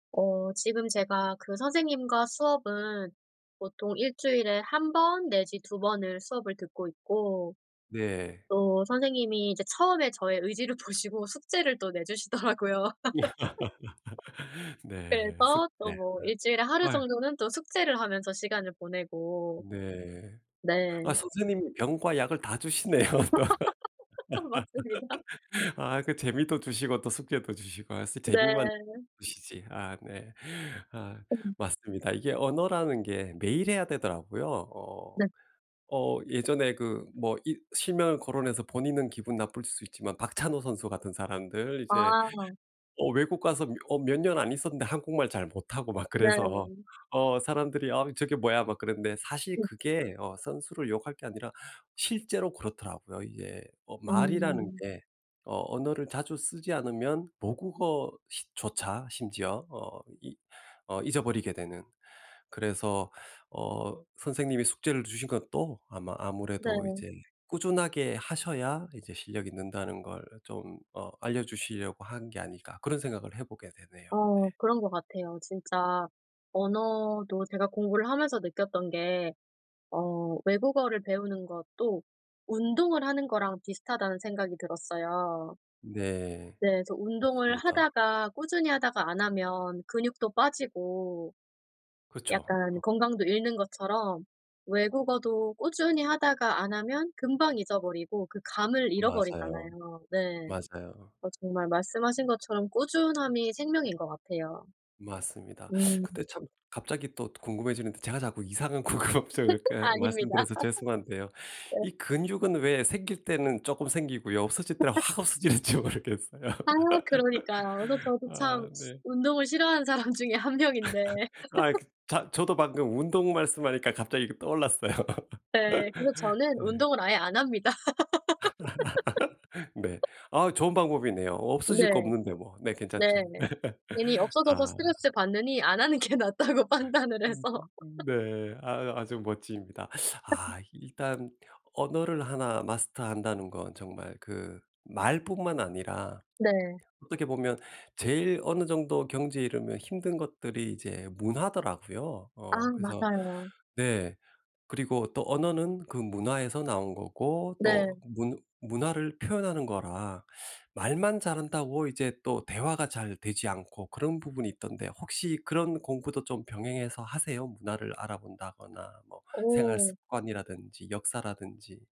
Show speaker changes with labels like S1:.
S1: 어 지금 제가 그 선생님과 수업은 보통 1 주일에 1 번 내지 2 번을 수업을 듣고 있고
S2: 네.
S1: 또 선생님이 이제 처음에 저의 의지를 보시고 숙제를 또 내주시더라고요.
S2: 네 슥
S1: 그래서 또
S2: 네.
S1: 뭐 1 주일에 하루
S2: 아유.
S1: 정도는 또 숙제를 하면서 시간을 보내고.
S2: 네.
S1: 네.
S2: 아 선생님이 병과 약을 다 주시네요, 또.
S1: 맞습니다.
S2: 아 그 재미도 주시고 또 숙제도 주시고 아 쓰 재미만
S1: 네.
S2: 주시지. 아 네. 아
S1: 네.
S2: 맞습니다. 이게 언어라는 게 매일 해야 되더라고요. 어
S1: 네.
S2: 어 예전에 그 뭐 이 실명을 거론해서 본인은 기분 나쁠 수 있지만 박찬호 선수 같은 사람들 이제
S1: 아.
S2: 어 외국 가서 며 어 몇 년 안 있었는데 한국말 잘 못하고 막 그래서
S1: 네.
S2: 어 사람들이 아 저게 뭐야 막 그러는데 사실
S1: 네.
S2: 그게 어 선수를 욕할 게 아니라 실제로 그렇더라고요 이게. 어 말이라는
S1: 음
S2: 게 어 언어를 자주 쓰지 않으면 모국어 시 조차 심지어 어 이 어 잊어버리게 되는. 그래서 어 선생님이 숙제를 주신 것도 아마 아무래도
S1: 네.
S2: 이제 꾸준하게 하셔야 이제 실력이 는다는 걸 좀 어 알려주시려고 한 게 아닐까 그런 생각을 해보게 되네요
S1: 아
S2: 네.
S1: 그런 것 같아요. 진짜 언어도 제가 공부를 하면서 느꼈던 게 어 외국어를 배우는 것도 운동을 하는 거랑 비슷하다는 생각이 들었어요.
S2: 네.
S1: 네. 그래서 운동을
S2: 맞습니다.
S1: 하다가 꾸준히 하다가 안 하면 근육도 빠지고
S2: 그쵸.어.
S1: 약간 건강도 잃는 것처럼 외국어도 꾸준히 하다가 안 하면 금방 잊어버리고 그 감을
S2: 맞아요,
S1: 잃어버리잖아요. 네.
S2: 맞아요.
S1: 어 정말 말씀하신 것처럼 꾸준함이 생명인 것 같아요.
S2: 맞습니다.
S1: 음.
S2: 근데 참 갑자기 또 궁금해지는데 제가 자꾸 이상한 궁금증을 이렇게
S1: 아닙니다.
S2: 말씀드려서 죄송한데요.
S1: 네.
S2: 이 근육은 왜 생길 때는 쪼끔 생기고요. 없어질 때는 확 없어질지 모르겠어요.
S1: 아 그러니까요. 그래서 저도 참
S2: 아 네.
S1: 운동을 싫어하는 사람 중에 1 명인데.
S2: 아 자 저도 방금 운동 말씀하니까 갑자기 이게 떠올랐어요.
S1: 네. 그래서 저는
S2: 네.
S1: 운동을 아예 안 합니다.
S2: 네. 아 좋은 방법이네요. 없어질 거
S1: 네.
S2: 없는데 뭐. 네 괜찮죠.
S1: 네네. 괜히 없어져서
S2: 아.
S1: 스트레스받느니 안 하는 게 낫다고 판단을
S2: 음
S1: 해서.
S2: 네. 아 아주 멋집니다. 아 일단 언어를 하나 마스터한다는 건 정말 그 말뿐만 아니라
S1: 네.
S2: 어떻게 보면 제일 어느 정도 경지에 이르면 힘든 것들이 이제 문화더라고요.
S1: 아
S2: 어 그래서
S1: 맞아요.
S2: 네 그리고 또 언어는 그 문화에서 나온 거고 또
S1: 네.
S2: 문 문화를 표현하는 거라 말만 잘한다고 이제 또 대화가 잘 되지 않고 그런 부분이 있던데 혹시 그런 공부도 좀 병행해서 하세요? 문화를 알아본다거나 뭐 생활
S1: 어.
S2: 습관이라든지 역사라든지.